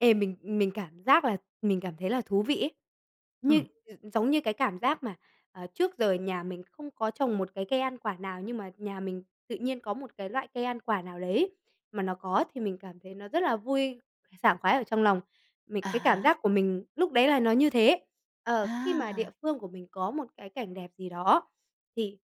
Ê, mình, ừm, mình cảm giác là mình cảm thấy là thú vị ấy. Như Ừm. ừ, giống như cái cảm giác mà, à, trước giờ nhà mình không có trồng một cái cây ăn quả nào nhưng mà nhà mình tự nhiên có một cái loại cây ăn quả nào đấy mà nó có thì mình cảm thấy nó rất là vui, sảng khoái ở trong lòng. Mình À cái cảm há. giác của mình lúc đấy là nó như thế. Ờ, khi mà địa À. phương của mình có một cái cảnh đẹp gì đó thì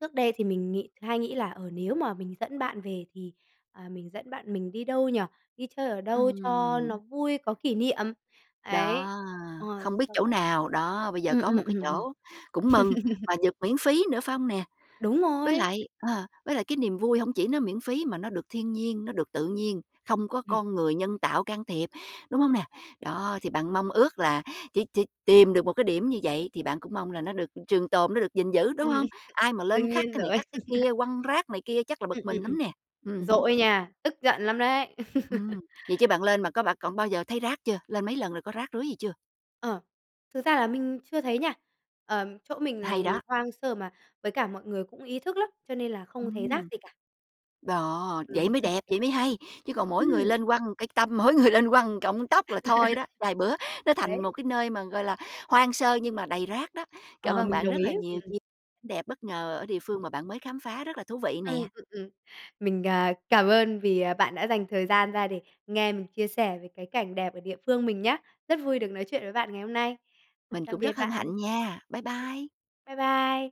trước đây thì mình nghĩ hay nghĩ là, ờ, nếu mà mình dẫn bạn về thì, ờ, mình dẫn bạn mình đi đâu nhỉ? Đi chơi ở đâu cho nó Ừm. vui, có kỷ niệm. Ấy. Đó, Ờ, không biết xong chỗ rồi nào, đó. Bây giờ ừm, có ừm, một ừm, cái ừm. chỗ cũng mừng, mà dược miễn phí nữa, phải hông nè? Đúng Với rồi. lại, ờ, với lại cái niềm vui hông chỉ nó miễn phí mà nó được thiên nhiên, nó được tự nhiên, không có Ừm. con người nhân tạo can thiệp, đúng hông nè? Đó thì bạn mong ước là chỉ chỉ tìm được một cái điểm như vậy thì bạn cũng mong là nó được, ưm, trường tồn nó được gìn giữ, đúng Ừm, ừm. hông? Ai mà lên Đương khắc nhiên cái này rồi. khắc cái kia, quăng rác này kia chắc là bực Ừm, ừm, mình ừm. lắm nè. Ừm hứm. Dỗi nha, tức giận lắm đấy. Ừm, vậy chứ bạn lên mà có bạn còn bao giờ thấy rác chưa? Lên mấy lần rồi có rác rưới gì chưa? Ờ, thực ra là mình chưa thấy nha, ờm, chỗ mình Hay lần đó! hoang sơ mà với cả mọi người cũng ý thức lắm, cho nên là không thấy rác Ừm. gì cả. Đó, vậy Ừm. mới đẹp, vậy mới hay. Chứ còn mỗi người Ừm. lên quăng cây tăm, mỗi người lên quăng một cọng tóc là thôi đó, vài bữa nó Đấy. thành một cái nơi mà, gọi là, hoang sơ nhưng mà đầy rác đó. Cảm Ờ, ơn mình bạn đồng rất là ý, nhiều, ừm. chi đẹp bất ngờ ở địa phương mà bạn mới khám phá rất là thú vị Ừm, nè. ừm, ừm. Mình, à, cảm ơn vì, à, bạn đã dành thời gian ra để nghe mình chia sẻ về cái cảnh đẹp ở địa phương mình nhá. Rất vui được nói chuyện với bạn ngày hôm nay. Mình Tạm cũng biệt rất hân bạn. hạnh nha. Bái bai. Bái bai.